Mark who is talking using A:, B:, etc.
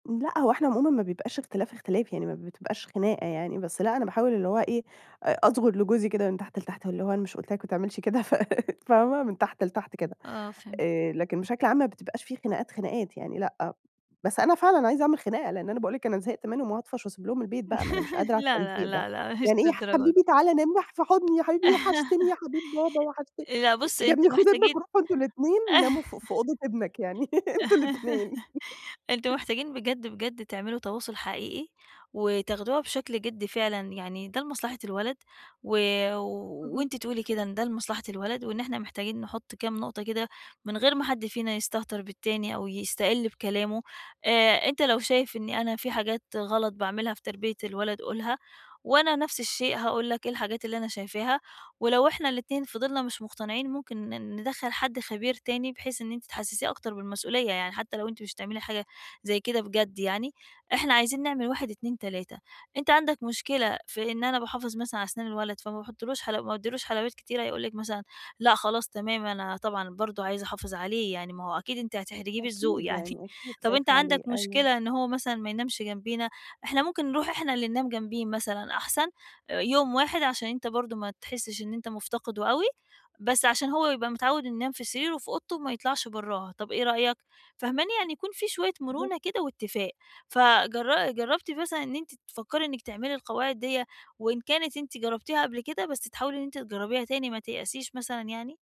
A: لأ، هو احنا عمومًا ما بيبقاش اختلاف اختلاف يعني، ما بتبقاش خناقة يعني، بس لأ أنا باحاول اللي هو إيه أ أظغُر لجوزي كده من تحت لتحت اللي هو أنا مش قُلت لك ما تعملش كده، ف فاهمة؟ من تحت لتحت كده،
B: آه، فهمت.
A: آآ، لكن بشكل عام ما بتبقاش في خناقات خناقات يعني لأ، بس أنا فعلًا عايزة أعمل خناقة لإن أنا باقول لك أنا زهقت منهم وهاطفش واسيب لهم البيت بقى، ما أنا مش قادرة على
B: لا، لا،
A: التلزيق ده،
B: لا، لأ مش
A: يعني إيه يا
B: للدرجة دي.
A: حبيبي تعالى نام مح في حُضني يا حبيبي، وحشتني يا حبيب بابا، وحشتني.
B: لأ، بُصي
A: يا ابني،
B: أنتم
A: خُد ابنك
B: محتاجين
A: وروحوا أنتم الاتنين ناموا ف في أوضة ابنك يعني، أنتم الاتنين.
B: أنتم محتاجين بجد بجد تعملوا تواصُل حقيقي، وتاخدوها بشكل جدّي فعلًا، يعني ده لمصلحة الولد و
A: أها.
B: وأنتِ تقولي كده إن ده لمصلحة الولد، وإن احنا محتاجين نحُط كام نُقطة كده من غير ما حد فينا يستهتر بالتاني أو يستقِل بكلامه. آآ، أنت لو شايف إني أنا في حاجات غلط باعملها في تربية الولد قُلها، وأنا نفس الشيء هاقول لك إيه الحاجات اللي أنا شايفاها، ولو إحنا الاتنين فِضلنا مش مُقتنعين ممكن ن ندخل حد خبير تاني بحيث إن أنتِ تحسسيه أكتر بالمسؤولية، يعني حتى لو أنتِ مش هتعملي حاجة زي كده بجد يعني، إحنا عايزين نعمل 1 2 3. أنت عندك مشكلة في إن أنا باحافظ مثلًا علي اسنان الولد فما باحطلوش حَلَو ما باديلوش حلويات كتيرة؟ هيقول لِك مثلًا: لأ خلاص، تمام، أنا طبعًا برضو عايز احافظ عليه، يعني ما هو أكيد أنتِ هتحرجيه بالذوق.
A: أكيد
B: يعني
A: يعني أكيد
B: طب أنت
A: خايف
B: عندك
A: عليه، أيوه.
B: مشكلة إن هو مثلًا ما ينامش جنبينا؟ إحنا ممكن نرُوح احنا اللي ننام جنبيه مثلًا أحسن آآ يوم واحد عشان أنت برضو ما تحسش إن أنت مُفتقده أوي، بس عشان هو يبقى متعوّد إنه ينام في سريره وفي أوضته وما يطْلعش برّاها، طب إيه رأيك؟ فاهماني؟ يعني يكون في شوية
A: بالضبط.
B: مرونة كده واتفاق، فجر جرّبتِ مثلًا إن أنتِ تفكري إنك تعملي القواعد دِيّة، وإن كانت أنتِ جرّبتيها قبل كده بس تحاولي إن أنت تجرّبيها تاني، ما تيأسيش مثلًا يعني؟